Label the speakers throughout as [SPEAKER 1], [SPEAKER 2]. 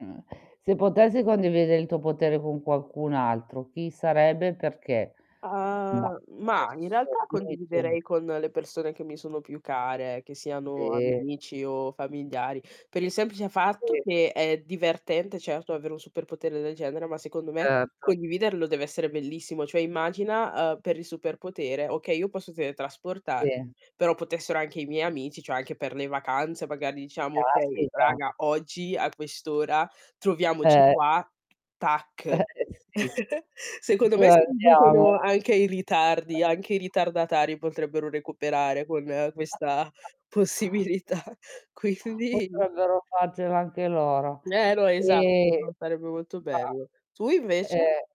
[SPEAKER 1] Mhmm, se potessi condivide il tuo potere con qualcun altro, chi sarebbe e perché? Mah,
[SPEAKER 2] Ah, mah, in
[SPEAKER 1] adesso,
[SPEAKER 2] realtà
[SPEAKER 1] dimmi tu
[SPEAKER 2] condividerei con le persone che mi sono più care, che siano
[SPEAKER 1] Sì.
[SPEAKER 2] amici o familiari, per il semplice fatto
[SPEAKER 1] Sì.
[SPEAKER 2] che è divertente, certo, avere un super potere del genere, ma secondo me
[SPEAKER 1] Certo.
[SPEAKER 2] condividerlo deve essere bellissimo. Cioè immagina, uhm, per il super potere: okay io posso teletrasportarmi,
[SPEAKER 1] Sì.
[SPEAKER 2] però potessero anche i miei amici, cioè anche per le vacanze magari diciamo: "Okay
[SPEAKER 1] Caspita.
[SPEAKER 2] raga, oggi a quest'ora troviamoci
[SPEAKER 1] Eh.
[SPEAKER 2] qua", tac.
[SPEAKER 1] Eh, eh sì.
[SPEAKER 2] Secondo me si riducono
[SPEAKER 1] [unintelligible]
[SPEAKER 2] anche i ritardi, anche i ritardatari potrebbero recuperare con questa possibilità, quindi
[SPEAKER 1] Potrebbero farcela anche loro.
[SPEAKER 2] Eh no esatto,
[SPEAKER 1] E
[SPEAKER 2] no sarebbe molto bello.
[SPEAKER 1] mah
[SPEAKER 2] Tu invece?
[SPEAKER 1] ehm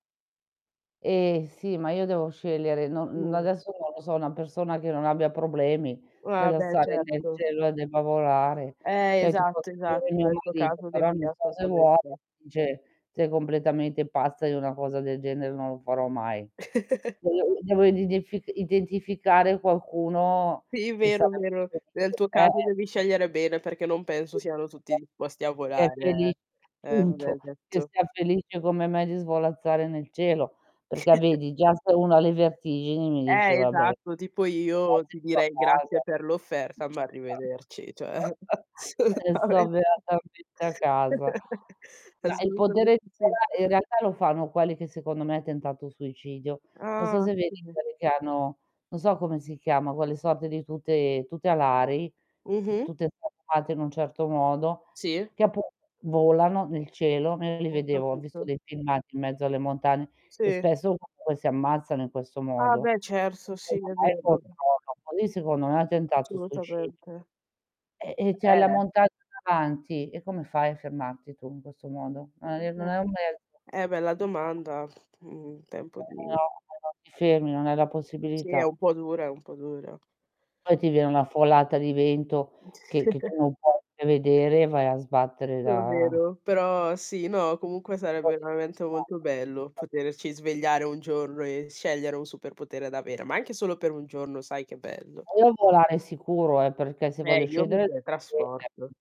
[SPEAKER 1] Eh sì, ma io devo scegliere. Non
[SPEAKER 2] Mh.
[SPEAKER 1] adesso, non lo so, una persona che non abbia problemi,
[SPEAKER 2] Ah,
[SPEAKER 1] nello
[SPEAKER 2] beh
[SPEAKER 1] stare nel
[SPEAKER 2] certo.
[SPEAKER 1] cielo e debba volare.
[SPEAKER 2] Eh,
[SPEAKER 1] Cioè ti posso
[SPEAKER 2] esatto, esatto.
[SPEAKER 1] dire mio
[SPEAKER 2] Nel tuo
[SPEAKER 1] marito,
[SPEAKER 2] caso,
[SPEAKER 1] però
[SPEAKER 2] devi
[SPEAKER 1] non so se vuole,
[SPEAKER 2] assolutamente
[SPEAKER 1] dice: "Sei completamente pazza, io una cosa del genere non lo farò mai". Devo i devo ridef identificare, qualcuno
[SPEAKER 2] Sì
[SPEAKER 1] che
[SPEAKER 2] vero,
[SPEAKER 1] sarebbe
[SPEAKER 2] vero. Nel
[SPEAKER 1] felice,
[SPEAKER 2] tuo caso
[SPEAKER 1] eh.
[SPEAKER 2] devi scegliere bene, perché non penso siano tutti
[SPEAKER 1] [unintelligible]
[SPEAKER 2] disposti a
[SPEAKER 1] che è feli
[SPEAKER 2] volare, eh. Eh vabbè,
[SPEAKER 1] appunto, che
[SPEAKER 2] detto
[SPEAKER 1] sia felice come me di svolazzare nel cielo, perché vedi già se uno ha le vertigini mi dice:
[SPEAKER 2] Eh
[SPEAKER 1] "Vabbè,
[SPEAKER 2] esatto, tipo io ti
[SPEAKER 1] grazie sto a
[SPEAKER 2] direi: "Grazie
[SPEAKER 1] casa".
[SPEAKER 2] per l'offerta ma
[SPEAKER 1] [unintelligible]
[SPEAKER 2] arrivederci". Cioè
[SPEAKER 1] "E sto
[SPEAKER 2] assolutamente.
[SPEAKER 1] beatamente a casa". Ma il potere
[SPEAKER 2] Assolutamente
[SPEAKER 1] di
[SPEAKER 2] sì.
[SPEAKER 1] volare in realtà lo fanno quelli che secondo me, tentato suicidio. Non so
[SPEAKER 2] Ah,
[SPEAKER 1] se vedi
[SPEAKER 2] [unintelligible]
[SPEAKER 1] quelli che hanno, non so come si chiama, quelle sorte di tute tute alari,
[SPEAKER 2] Mh-mm.
[SPEAKER 1] tutte [unintelligible] in un certo modo,
[SPEAKER 2] Sì.
[SPEAKER 1] che appunto volano nel cielo, io li
[SPEAKER 2] Ho
[SPEAKER 1] vedevo ho visto
[SPEAKER 2] capito.
[SPEAKER 1] dei filmati in mezzo alle montagne e
[SPEAKER 2] Sì.
[SPEAKER 1] spesso comunque si ammazzano in questo
[SPEAKER 2] Ah
[SPEAKER 1] modo.
[SPEAKER 2] beh certo, sì è
[SPEAKER 1] [unintelligible]
[SPEAKER 2] vero.
[SPEAKER 1] così secondo me ha tentato suicidio.
[SPEAKER 2] Assolutamente.
[SPEAKER 1] E, ehm, c'hai la
[SPEAKER 2] Eh.
[SPEAKER 1] montagna davanti, e come fai a fermarti tu in questo modo? Non e non è un mezzo
[SPEAKER 2] Eh, bella domanda. Mh, tempo
[SPEAKER 1] [unintelligible]
[SPEAKER 2] di
[SPEAKER 1] No, non ti fermi, non hai la
[SPEAKER 2] Sì, è
[SPEAKER 1] possibilità.
[SPEAKER 2] un po' dura, è un po' dura.
[SPEAKER 1] Poi ti viene una folata di vento, che che tu non puoi prevedere e vai a sbattere
[SPEAKER 2] Ce lo
[SPEAKER 1] da
[SPEAKER 2] vedo però sì, no, comunque sarebbe
[SPEAKER 1] Così
[SPEAKER 2] veramente molto bello,
[SPEAKER 1] [unintelligible]
[SPEAKER 2] poterci svegliare un giorno e scegliere un super potere da avere, ma anche solo per 1 giorno, sai che bello.
[SPEAKER 1] Voglio volare sicuro eh, perché se
[SPEAKER 2] Eh,
[SPEAKER 1] voglio
[SPEAKER 2] io mi
[SPEAKER 1] scendere, [unintelligible]
[SPEAKER 2] teletrasporto.
[SPEAKER 1] scender